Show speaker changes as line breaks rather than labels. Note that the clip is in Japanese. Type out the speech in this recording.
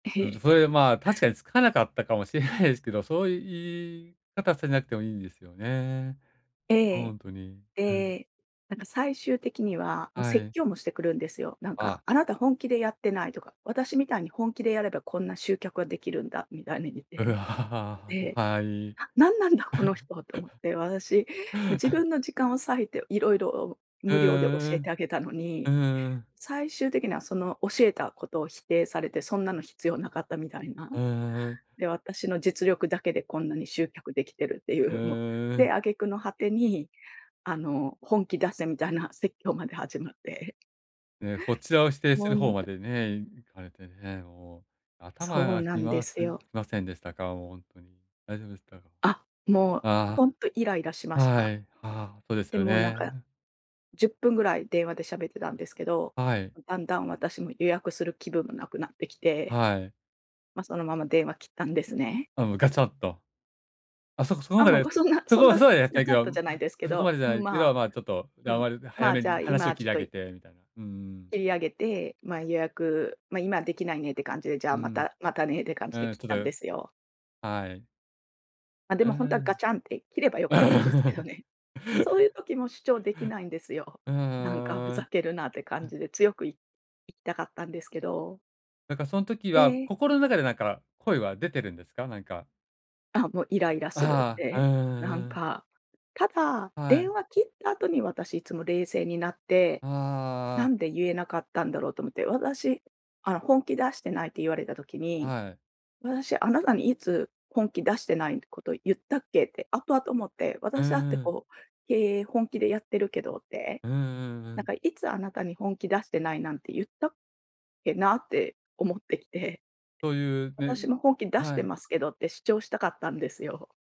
え
うん、
へ。
それでまあ、確かにつかなかったかもしれないですけど、そういう言い方されなくてもいいんですよね。
え
ほ
え。
んとに。うん。
で、なんか最終的には、もう
は
説
い。
教もしてくるんですよ。なんか
あ。
「あなた本気でやってない」とか「私みたいに本気でやればこんな集客は出来るんだ」みたいに言っ
う
て、
わ、あ
で、
あ、はい。
「あ、なんなんだこの人！」と思っ て、私、自 分の時間を割いて色々
う
無料で教
ー
えて
ん、
あげたの
う
に、
ん。うーん。
最終的にはその教えたことを否定されて「そんなの必要無かった」みたいな。
う、ううん。
で「私の実力だけでこんなに集客出来てる」ってい
う
う、もう、
ー
で、
ん。
挙げ句の果てにあの「本気出せ」みたいな説教まで始まって。
ええ、こちらを否定す
もう、
る方
な
ま
て
でね、行かれてね、もう頭
そう
が
な
き
んで
ます
す
き
よ。
ませんでしたか？もうほんとに。大丈夫でしたか？
あ、もう
あ
ほんとイライラしま
あ
し
は
た。
い、ああ、そうです
で
よ
もなんか、
ね。
10分ぐらい電話で喋ってたんですけど、
あ、はい。
だんだん私も予約する気分も無くなってきて、
はい。
ま、そのまま電話切ったんですね。
あ、もうガチャッと。あ、そこその
あ、
他
もう、
で
がそんな
そ
そ
こ
ん
は
な、
そうやっさ
や
いけ
たっ
ど
たじ
む
ゃないですけ
そこま
ど
でじゃ
う
な
ん、
いけど、
まあ、
まあ、ちょっと
う
やん
ん、
わり早
ま、
め
じゃ
に
あ、今
話を
は
切
ちょっ
り上
と
げ
い
て、みたいな。ううん。
切り上げて、ま、予約、ま、今出来ないねって感じで、じゃあ、
う
ま
ん。
たまたねって感じで
ええ、
切っ
た
たん
だ
ですよ。
はい。
ま、で
う
もほんとはガ
ん。
チャンって、切れば良かったんですけど ね。そういう時も主張出来ないんですよ。
う
なんか、ふ
ー
ざ
ん。
けるなって
う
感
ん。
じで強くいいったんですけど。
なんかその時
え
は、
え。
心の中でなんか、声は出てるんですか？なんか。
あ、もうイライラするっ
ああ、う
て。なん
んうん。
か、ただ、
は
電
い。
話切った後に私いつも冷静になって、
あ
な
あ。
んで言えなかったんだろうと思って。私、あの、本気出してないって言われた時に、
はい。
私あなたにいつ本気出してないこと言ったっけって、後々思って、
う
私だって
んうん。
こう、経営本気でやってるけどって。
うんうんう
なん
ん。
かいつあなたに、本気出してないなんて言ったっけなって思ってきて、
そういうね、
私も本気出し
は
て
い。
ますけどって主張したかったんですよ。